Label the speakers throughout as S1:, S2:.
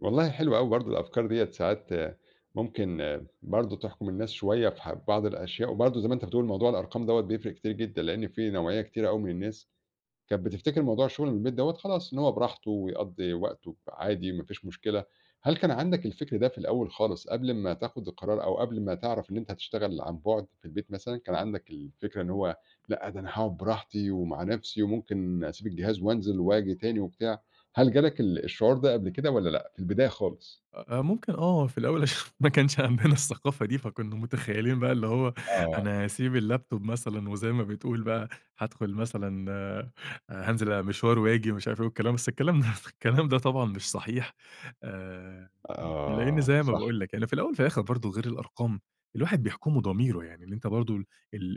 S1: والله حلوة أوي برضه، الأفكار ديّة ساعات ممكن برضه تحكُم الناس شوية في ح في بعض الأشياء. وبرضه زي ما أنتَ بتقول، موضوع الأرقام دوّة بيفرِّق كتير جدًا، لإن في نوعية كتيرة أوي من الناس كانت بتفتكِر موضوع الشغل من البيت دوّة، خلاص إن هو براحته ويقضِّي وقته ب عادي ما فيش مشكلة. هل كان عندك الفِكر ده في الأول خالص، قبل ما تاخُد القرار، أو قبل ما تعرَف إن أنتَ هتشتغَل عن بُعد في البيت؟ مثلًا كان عندك الفكرة إن هو لأ ده أنا هاقعُد براحتي ومع نفسي، وممكن أسيبك الجهاز وانزَل وآجي تاني وبتاع؟ هل جالك ال الشعور ده قبل كده والّا لأ في البداية خالص؟
S2: أ أ ممكن آه، في الأول عشان ما كانش عندنا الثقافة دي، فكنّا متخيِّلين بقى اللي هو
S1: آه.
S2: أنا هاسيب الlaptop مثلًا وزي ما بتقول بقى، هادخُل مثلًا آآ، هانزِل أ مشوار وآجي ومش عارف والكلام، بس الكلام ده طبعًا مش صحيح. آآ، لإن
S1: آه،
S2: زي ما
S1: صح.
S2: باقول لك يعني، في الأوَّل وفي الآخِر برضه، غير الأرقام الواحد بيحكُمه ضميره، يعني إن أنتَ برضه ال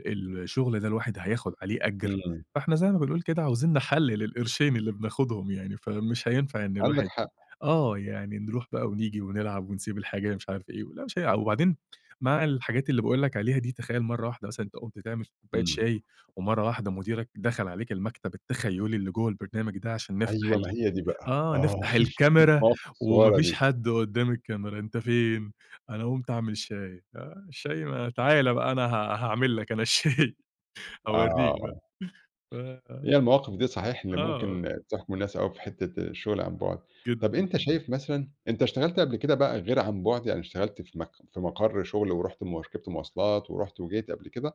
S2: ال الشغل ده الواحد هياخُد عليه أجر،
S1: إمم.
S2: فإحنا زي ما بنقول كده عايزين نحلَّل للقرشين اللي بناخُدهُم يعني، فمش هينفَع إن
S1: عندك
S2: الواحد
S1: حق.
S2: آه، يعني نرُوح بقى ونيجي ونلعَب ونسيب الحاجة ال مش عارف إيه. ولأ مش هيلعَب، وبعدين مع الحاجات اللي باقول لك عليها دي، تخيَّل مرَّة واحدة مثلًا أنتَ قُمت تعمَل كوباية
S1: إمم.
S2: شاي، ومرَّة واحدة مديرك دخَل عليك المكتب التخيلي اللي جوّا البرنامج ده عشان نفتَح
S1: أيوه،
S2: ال
S1: ما هي دي بقى.
S2: آه،
S1: آه،
S2: نفتَح الكاميرا،
S1: المواقف
S2: وما
S1: الصغيّرة
S2: فيش
S1: دي.
S2: حد قُدَّام الكاميرا، أنتَ فين؟ أنا قُمت أعمَل شاي. آه الشاي ما تعالَ بقى، أنا ها هاعمَل لك أنا الشاي، هاوريك بقى
S1: آه.
S2: ف
S1: هي المواقف دي صحيح اللي
S2: آه.
S1: ممكن تحكُم الناس أوي في حتّة الشغل عن بُعد. طب
S2: جدًا.
S1: أنتَ شايِف مثلًا أنتَ اشتغَلت قبل كده بقى غير عن بُعد، أو اشتغَلت في مك في مقَر شغل ورُحت م ركِبت مواصلات ورُحت وجيت قبل كده؟